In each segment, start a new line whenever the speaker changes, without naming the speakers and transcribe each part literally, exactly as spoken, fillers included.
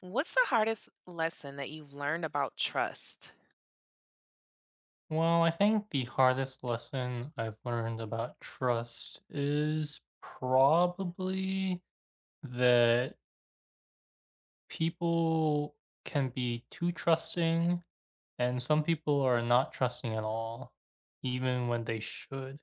What's the hardest lesson that you've learned about trust?
Well, I think the hardest lesson I've learned about trust is probably that people can be too trusting, and some people are not trusting at all, even when they should.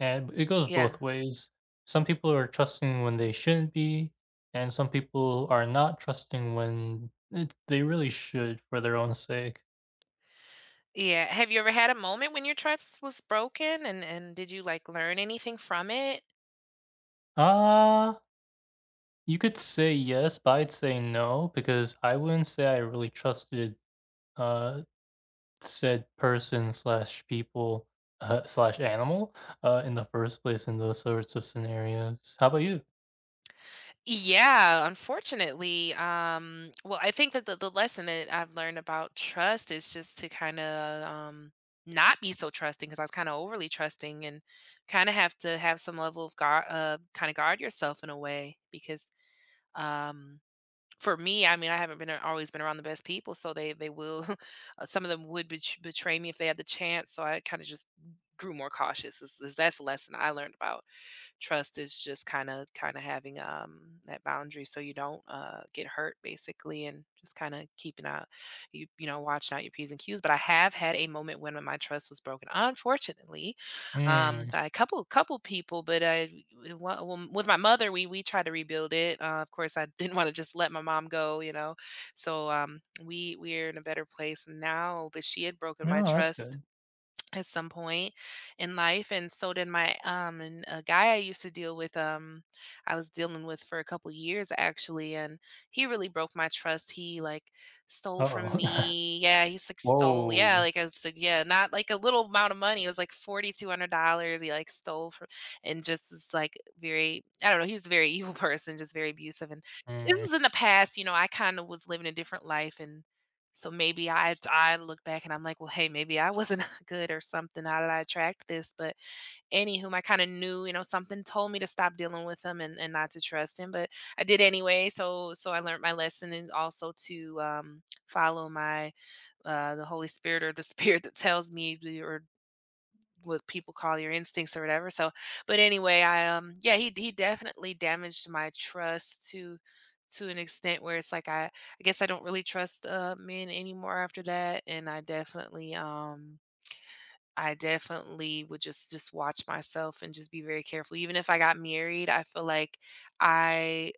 And b it goes
Yeah.
both ways. Some people are trusting when they shouldn't be, and some people are not trusting when it they really should for their own sake.
Yeah, have you ever had a moment when your trust was broken and and did you like learn anything from it?
Uh You could say "yes," but I'd say "no" because I wouldn't say I really trusted, uh, said person/people, uh, /animal, uh, in the first place in those sorts of scenarios. How 'bout you?
Yeah, unfortunately, um, well, I think that the the lesson that I've learned about trust is just to kinda, um, not be so trusting 'cause I was kinda overly trusting and kinda have to have some level of guar uh, kinda guard yourself in a way because, um, for me, I mean, I haven't been, a always been around the best people, so they they will, some of them would bet betray me if they had the chance. So I kinda just g grew more cautious is, is that's the lesson I learned about trust is just kind of, kinda having, um, that boundary so you don't, uh, get hurt basically and just kinda keeping a you you know, watching out your Ps and Qs. But I have had a moment when m my trust was broken, unfortunately, um,
Mm.
by a couple couple people. But, uh, w well, m with my mother, we we tried to rebuild it. Uh, of course I didn't wanna just let my mom go, you know? So, um, we we're in a better place now. But she had broken my
No, that's
trust
good.
at some point in life and so did my, um and a guy I used to deal with, um, I was dealing with for a couple years actually, and he really broke my trust. He like stole from
Uh-oh.
me. Yeah, he s like stole. Yeah,
Whoa.
like I said, yeah, not like a little amount of money. It was like forty two hundred dollars he like stole fro and just this like very I don't know, he was a very evil person, just very abusive. And this
Mm.
was in the past, you know, I kinda was living a different life and so maybe I've to I look back and I'm like, "Well, hey, maybe I wasn't good or something. How did I attract this?" But anywhom, I kinda knew, you know, something told me to stop dealing with him and and not to trust him, but I did anyway. So so I learned my lesson and also to, um, follow my, uh, the Holy Spirit or the spirit that tells me or what people call your instincts or whatever. So, but anyway, I, um, yeah, he he definitely damaged my trust to to an extent where it's like I I guess I don't really trust, uh, men anymore after that. And I definitely, um, I definitely would just just watch myself and just be very careful. Even if I got married, I feel like I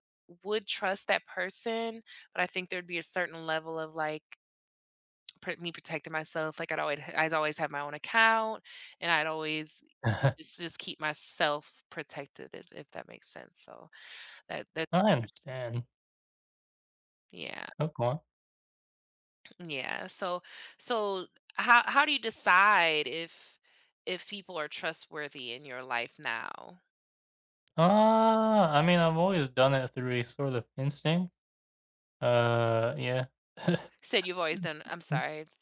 would trust that person, but I think there'd be a certain level of like pr me protecting myself. Like I'd always h I'd always have my own account and I'd always ju just keep myself protected, if if that makes sense. So that that
I
[unintelligible]
understand.
Yeah.
Oh, cool.
Yeah. So so how how do you decide if if people are trustworthy in your life now?
Uh, I mean, I've always done it through a sort of instinct. Uh, yeah.
Said you've always done I'm
[unintelligible]
sorry, it's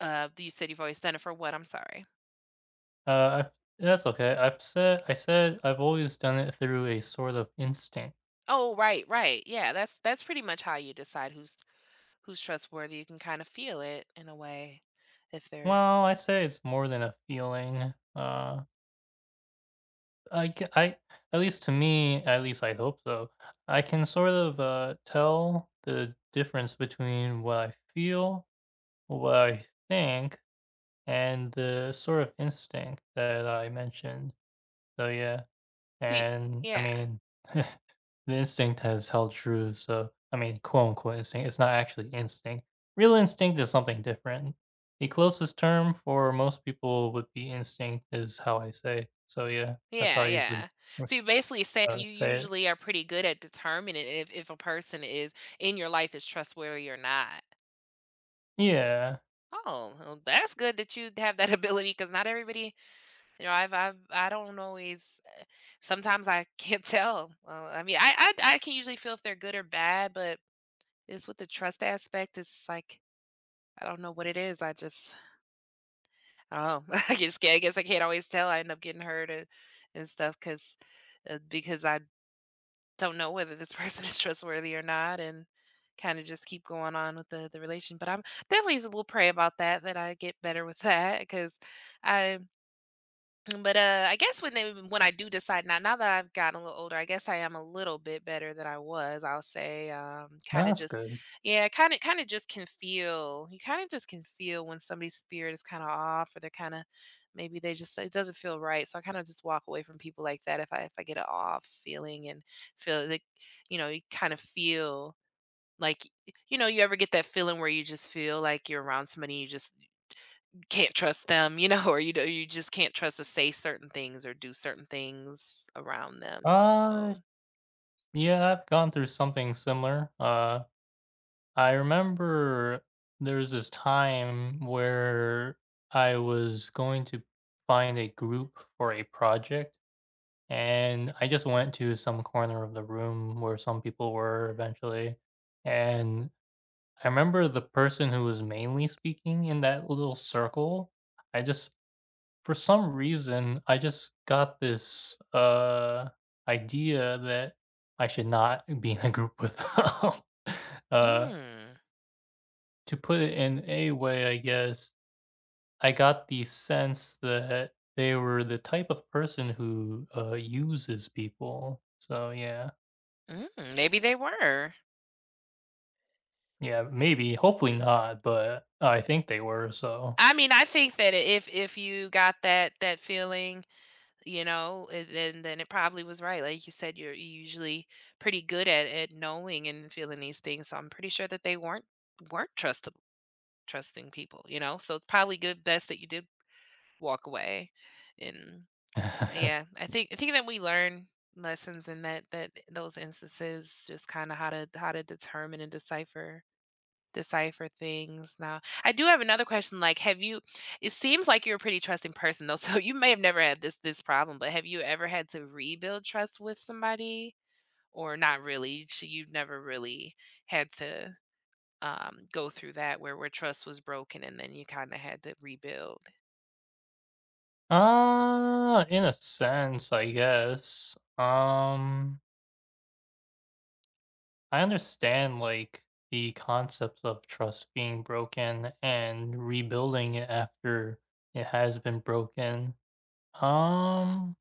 Uh, do you said you've always done it for what? I'm sorry.
Uh, I that's okay I've said I said I've always done it through a sort of instinct.
Oh, right right, yeah, that's that's pretty much how you decide who's who's trustworthy, you can kind of feel it in a way if they're
Well, I say it's more than a feeling, uh I c I at least to me at least I hope so, I can sort of, uh, tell the difference between what I feel, what I think, and the sort of instinct that I mentioned. So, yeah.
See
And I
yeah.
mean the instinct has held true, so I mean, quote-unquote "instinct". It's not actually instinct. Real instinct is something different. The closest term for most people would be instinct is how I say. So, yeah, that's how
Yeah,
I usually,
yeah. So, you're basically saying
uh,
you
say it.
usually are pretty good at determining if if a person is in your life is trustworthy or not.
Yeah.
Oh, well that's good that you'd have that ability, 'cause not everybody you know, I've I've I don't always eh, sometimes I can't tell, uh, I mean, I I I can usually feel if they're good or bad, but it's with the trust aspect, it's like I don't know what it is. I just Oh, I guess I guess I can't always tell. I end up getting hurt and and stuff 'cause uh, because I don't know whether this person is trustworthy or not, and kinda just keep going on with the the relation But I'm definitely still pray about that, that I get better with that, 'cause I Mm, but, uh, I guess when they w when I do decide now now that I've gotten a little older, I guess I am a little bit better than I was, I'll say, um, kinda
That's
just
good.
Yeah, kinda kinda just can feel you kinda just can feel when somebody's spirit is kinda off, or they're kinda maybe they just it doesn't feel right, so I kinda just walk away from people like that if I if I get a off feeling and feel like, you know you kind of feel like y you know, you ever get that feeling where you just feel like you're around somebody and you just can't trust them, you know, or you do you just can't trust to say certain things, or do certain things around them,
Uh,
so
yeah, I've gone through something similar. Uh, I remember there was this time where I was going to find a group for a project, and I just went to some corner of the room where some people were eventually and I remember the person who was mainly speaking in that little circle, I just for some reason, I just got this, uh, idea that I should not be in a group with them. Uh
Mm.
To put it in a way, I guess, I got the sense that they were the type of person who, uh, uses people, so, yeah.
Mm, maybe they were.
Yeah, maybe, hopefully not, but I think they were, so
I mean, I think that if if you got that that feeling, you know, it then then it probably was right, like you said, you're usually pretty good at at knowing and feeling these things, so, I'm pretty sure that they weren't weren't trusta trusting people, you know? So, it's probably good best that you did walk away, and uh, yeah, I think I think that we learn lessons in that that those instances, just kinda how to how to determine and decipher decipher things now, I do have another question, like, have you it seems like you're a pretty trusting person though, so, you may have never had this this problem, but have you ever had to rebuild trust with somebody? Or not really, sh you've never really had to, um, go through that where where trust was broken and then you kinda had to rebuild?
Uh, in a sense, I guess. Um I understand, like, the concept of trust being broken and rebuilding it after it has been broken. Um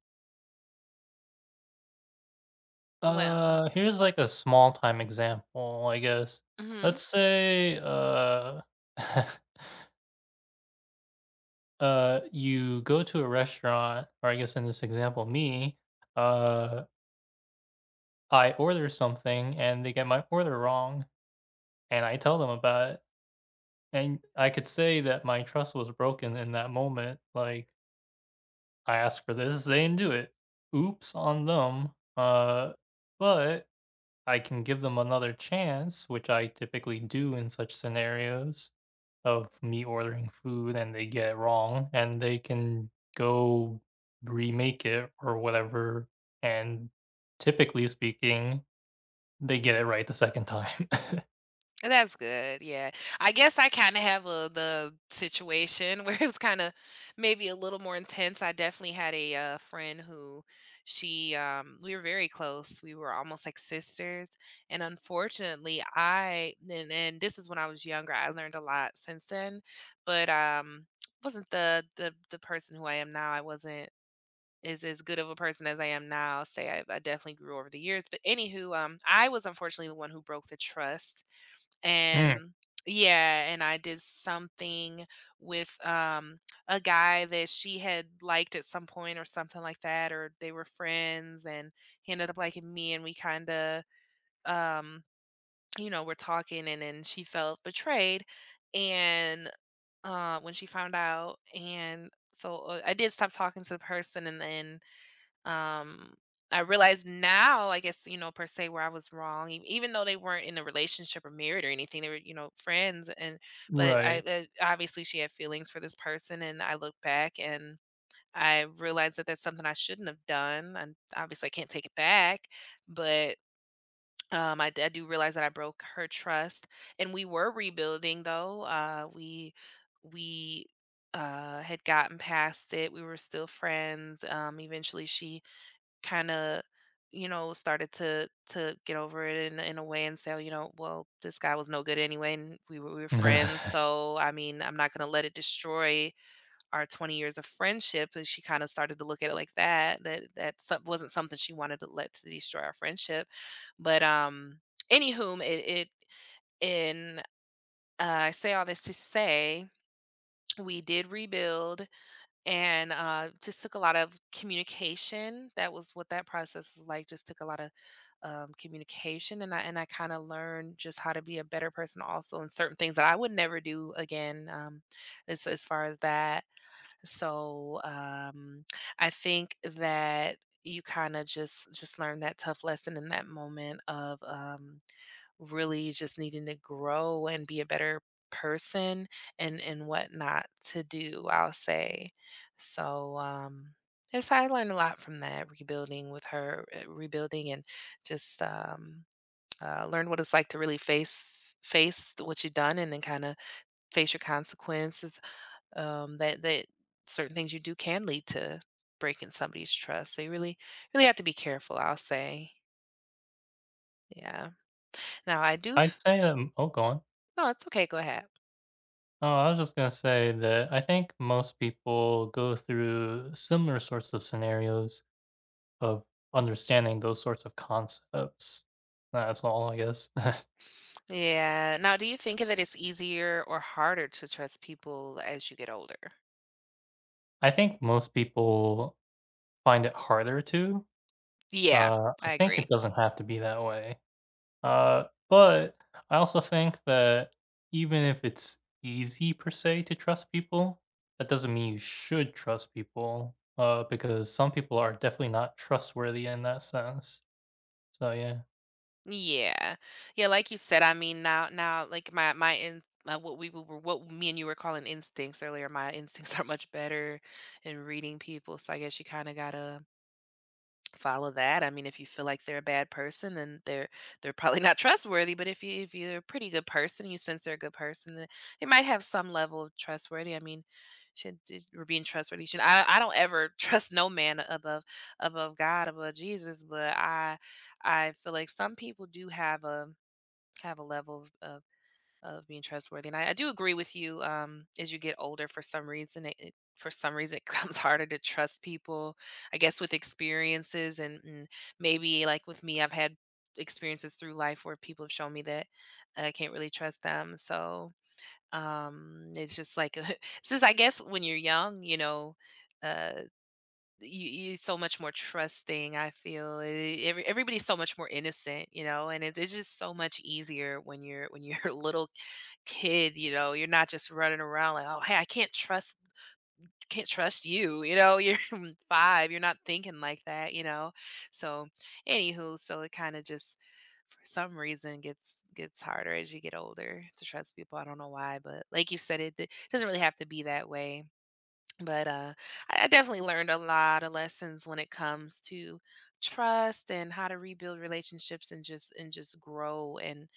Well
uh, here's like a small time example, I guess. Let's
Mhm.
say, uh uh, you go to a restaurant, or I guess in this example, me, uh I order something and they get my order, and I tell them about it and I could say that my trust was broken in that moment, like asked for this, they didn't do it. Oops on them. Uh, but I can give them another chance, which I typically do in such scenarios of me ordering food and they get it wrong, and they can go remake it or whatever, and typically speaking, they get it right the second time.
And that's good yeah. I guess I kinda have a the situation where it was kinda maybe a little more intense, I definitely had a, uh, friend who she, um, we were very close, we were almost like sisters, and unfortunately, I and and this is when I was younger, I learned a lot since then. But, um, wasn't the the the person who I am now I wasn't as as good of a person as I am now, say I I've definitely grew over the years. But any who, um, I was unfortunately the one who broke the trust,
Mm.
and Yeah, and I did something with, um, a guy that she had liked at some point or something like that, or they were friends and he ended up liking me and we kinda, um, you know, were talking and then she felt betrayed and, uh, when she found out, and so, uh I did stop talking to the person and then, um, I realize now, I guess, you know, per se where I was wrong e even though they weren't in a relationship or married or anything, they were, you know, friends and but I,
Right.
uh obviously she had feelings for this person and I look back and I realize that that's something I shouldn't have done and obviously I can't take it back, but. Um, I di I do realize that I broke her trust, and we were rebuilding though, uh, we we, uh, had gotten past it, we were still friends, um, eventually she kinda, you know, started to to get over it in a in a way and say, "Oh, you know, well, this guy was no good anyway, and we were we were friends. So, I mean, I'm not gonna let it destroy our twenty years of friendship," and she kinda started to look at it like that that that some wasn't something she wanted to let destroy our friendship, but, um. Any whom, it it And I say all this to say, we did rebuild and uh, just took a lot of communication that was what that process was like, just took a lotta, um, communication, and I and I kinda learned just how to be a better person also, and certain things that I would never do again, um, as as far as that. So, um, I think that you kinda just just learn that tough lesson in that moment of, um, really just needing to grow and be a better person and and what not to do, I'll say. So, um, yes, I learned a lot from that, rebuilding with her, uh, rebuilding and just, um, uh, learned what it's like to really face f face what you done and then kinda face your consequences, um, that that certain things you do can lead to breaking somebody's trust, so, you really really have to be careful, I'll say. Yeah. Now I do
I'd
f
say, um Oh, go on.
No, it's okay go ahead.
Oh, I was just gonna say that I think most people go through similar sorts of scenarios of understanding those sorts of concepts. That's all, I guess.
Yeah, now, do you think that it's easier or harder to trust people as you get older?
I think most people find it harder to.
Yeah.
Uh, I
I
think it
agree.
doesn't have to be that way. Uh, but I also think that even if it's easy per se to trust people, that doesn't mean you should trust people, uh, because some people are definitely not trustworthy in that sense, so, yeah.
Yeah. Yeah, like you said, I mean, now now, like, my my in now what we w were what me and you were calling instincts earlier, my instincts are much better in reading people so, I guess you kinda gotta follow that I mean, if you feel like they're a bad person, then they're they're probably not trustworthy, but if you if you're a pretty good person, you sense they're a good person, then they might have some level of trustworthy I mean should j your being trustworthy should I I don't ever trust no man above above God, above Jesus. But I I feel like some people do have a have a level of of of being trustworthy, and I I do agree with you, um, as you get older, for some reason it it for some reason it becomes harder to trust people, I guess, with experiences and and maybe like with me, I've had experiences through life where people have shown me that that I can't really trust them so, um, it's just like a hu since I guess when you're young, you know, uh, d y you you're so much more trusting, I feel. E every everybody's so much more innocent, you know, and it it's just so much easier when you're when you're a little kid, you know, you're not just running around like, "Oh, hey, I can't trust can't trust you." you know? You're five, you're not thinking like that, you know? So, anywho, so, it kinda just for some reason gets gets harder as you get older to trust people. I don't know why, but like you said, it d doesn't really have to be that way. But, uh, I definitely learned a lot of lessons when it comes to trust and how to rebuild relationships and just and just grow and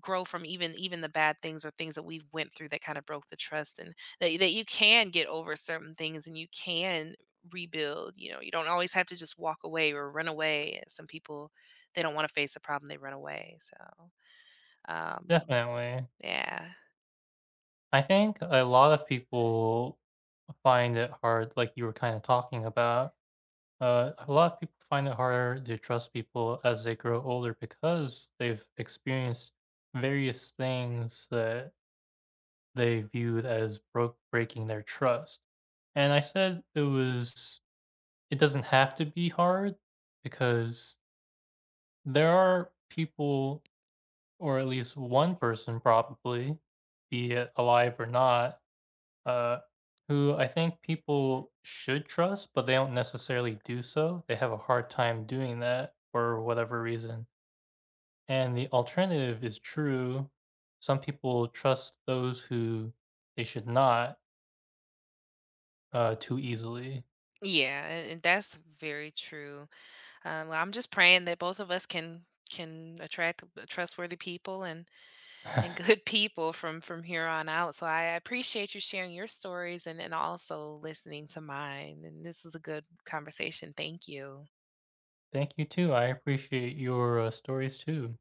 grow from even even the bad things or things that we've went through that kind of broke the trust and that that you can get over certain things and you can rebuild. You know, you don't always have to just walk away or run away. Yeah, some people, they don't wanna face a problem, they run away. So, um,
Definitely.
yeah.
I think a lot of people find it hard, like you were kinda talking about. Uh, a lot of people find it harder to trust people as they grow older, because they've experienced various things that they viewed as broke breaking their trust. And I said it was s It doesn't have to be hard because there are people, or at least one person probably, be it alive or not, uh, who I think people should trust but they don't necessarily do so. They have a hard time doing that for whatever reason. And the alternative is true. Some people trust those who they should not uh, too easily.
Yeah. And and that's very true. Um, I'm just praying that both of us can can attract w trustworthy people and and good people from from here on out. So I I appreciate you sharing your stories and and also listening to mine. And this was a good conversation. Thank you.
Thank you too. I appreciate your, uh, stories too.